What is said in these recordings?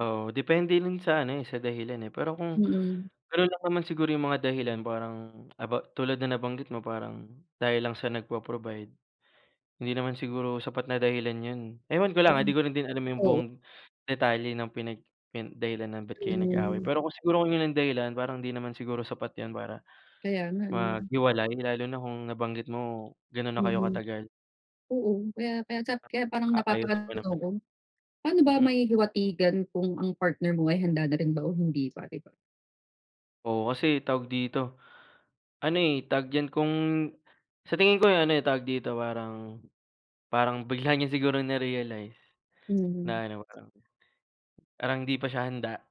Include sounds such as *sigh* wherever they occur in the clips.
Oo, depende rin sa ano eh, sa dahilan eh, pero kung, Mm. gano'n lang naman siguro yung mga dahilan parang, about tulad ng nabanggit mo parang dahil lang siya nagpo-provide. Hindi naman siguro sapat na dahilan 'yon. Ewan ko Oh, lang ha, 'di ko din alam yung oo. buong detalye ng pinag pi dahilan ng ba't kayo nag-away Hmm. pero kung siguro 'yan ang dahilan parang hindi naman siguro sapat 'yan para Kaya nga, eh. maghiwalay lalo na kung nabanggit mo gano'n na kayo Mhm. katagal. Oo, kaya kaya sa *unintelligible* kaya parang Maaayos pa napapa-ano ang naman. loob ko, paano ba Hmm. mahihiwatigan kung ang partner mo ay handa na rin ba o hindi pa, di ba? Oo kasi tawag dito, ano eh, tawag diyan, kung sa tingin ko eh, ano tawag dito parang, parang bigla niya siguro na-realize Mhm. na-ano, um, parang hindi pa siya handa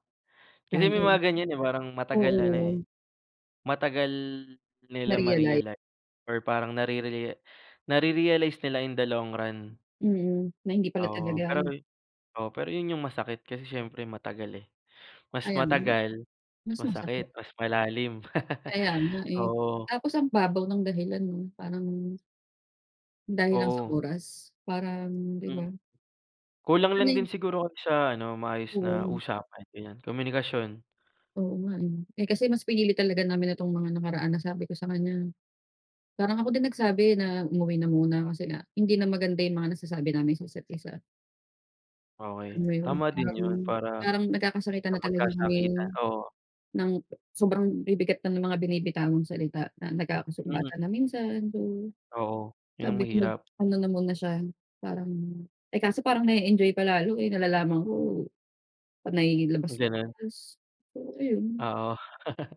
kasi may Sabagay, mga ganyan eh, parang o. matagal ano eh, Oo. matagal nila Na-realize. ma-realize or parang narere nare-realize nila in the long run. Mm, na hindi pala Oo talaga pero ano oo pero 'yon yung masakit kasi syempre matagal eh, mas Ayan, matagal, mas masakit, masakit. mas malalim. *laughs* Kaya nga eh, Oo. tapos ang babaw ng dahilan 'no parang dahil lang sa Oo. oras parang, di Hmm. ba? Kulang lang Ay! din siguro kayo sa ano maayos na Oo. usapan, ganyan. Komunikasyon. Oo nga. Eh, kasi mas pinili talaga namin itong mga nakaraan nasabi ko sa kanya, parang ako din nagsabi na umuwi na muna kasi nga hindi na maganda yung mga nasasabi namin sa isa't-isa. Okey. Alam mo yun Tama din parang 'yon para parang nagkakasakitan hindi na talaga magkasakitan, kaming oo. nang sobrang bibigat na ng mga binibitawang salita na Hmm. nagkakasumbatan na minsan, gano'n. Oo, 'yon ang Sabi ko mahirap. mag-ano na muna siya parang, eh, kaso parang na-e-enjoy pa lalo eh, nalalaman ko panay Ganon. labas-labas, so ayun. Oo. *laughs*